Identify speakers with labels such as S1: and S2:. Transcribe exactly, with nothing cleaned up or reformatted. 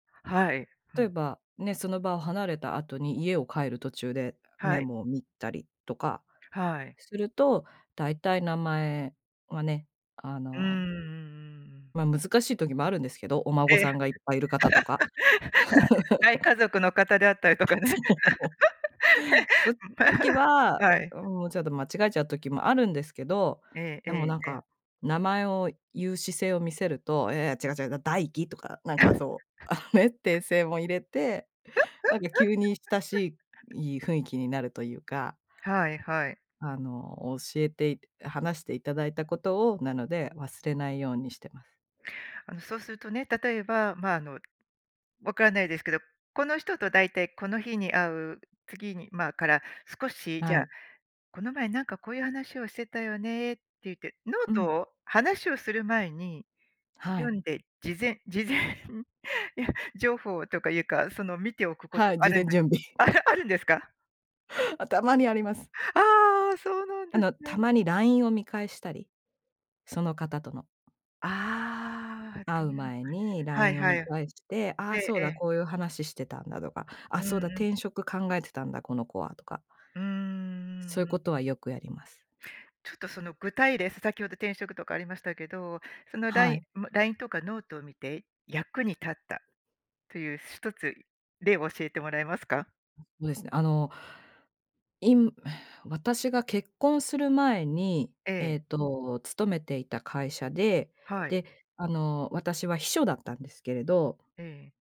S1: はい。ふ
S2: 例え
S1: ん。
S2: ば、ね、その場を離れた後に家を帰る途中で
S1: は
S2: メ
S1: い。
S2: モを見たりとか
S1: はい。
S2: すると、だいたい名前はね、あ
S1: うーん、う
S2: の
S1: んうんうん。
S2: ま、難しい時もあるんですけど。お孫
S1: ええ。
S2: さんがいっぱいいる方とか。
S1: 大家 族の方であったりとかね。
S2: そう。その時
S1: へ
S2: は、
S1: はい。
S2: もう、ちょっと間違えちゃう時もあるんですけど、
S1: えええ
S2: でも、
S1: え
S2: なん
S1: ええ。
S2: か、名前を言う姿勢を見せると、いやいや違う違う、だダイキとか、なんか、そう、あのね、訂正も入れて、なんか、急に親し い雰囲気になるというか。
S1: はいはい。
S2: あの、教えてい話していただいたことを、なので忘れないようにしてます。
S1: あの、そうするとね、例えば、ま、あの、わからないですけど、この人とだいたいこの日に会う、次にまあ、から、少し、じ
S2: は
S1: ゃあ、
S2: い。
S1: この前、なんか、こういう話をしてたよねって言ってノ
S2: う
S1: ート
S2: ん。
S1: を、話をする前に
S2: は
S1: 読
S2: い。
S1: んで、事前事前や、情報とかいうか、その見ておくこと
S2: はい、
S1: あ
S2: 事
S1: るん
S2: 前
S1: です
S2: 準備。
S1: あ、あるんですか？
S2: あ、たまにあります。
S1: ああ、そうなん
S2: あ
S1: です
S2: の、た
S1: ね。
S2: まにラインを見返したり。その方との。
S1: ああ、と
S2: 会
S1: い
S2: う
S1: うまで
S2: 前にラ
S1: は
S2: イ
S1: い
S2: ンを
S1: はい。
S2: 見返して、あ
S1: ええ
S2: あ、そう
S1: え
S2: だ、
S1: え。
S2: こういう話してたんだとか、
S1: う
S2: あ、
S1: ん
S2: そうだ、
S1: うん。
S2: 転職考えてたんだ、この子はとか。
S1: うーん、う
S2: そういう
S1: んうん。
S2: ことは、よくやります。
S1: ちょっとその具体例、さ先ほど転職とかありましたけど、そのラ
S2: は
S1: イン
S2: い。
S1: ま、ラインとかノートを見て役に立ったという、ひとつ例を教えてもらえますか？
S2: そうですね、あの、いむ私が結婚する前に、
S1: え
S2: えっ
S1: え。
S2: と、勤めていた会社で、
S1: はい。
S2: で、あの、私は秘書だったんですけれど。
S1: ええ。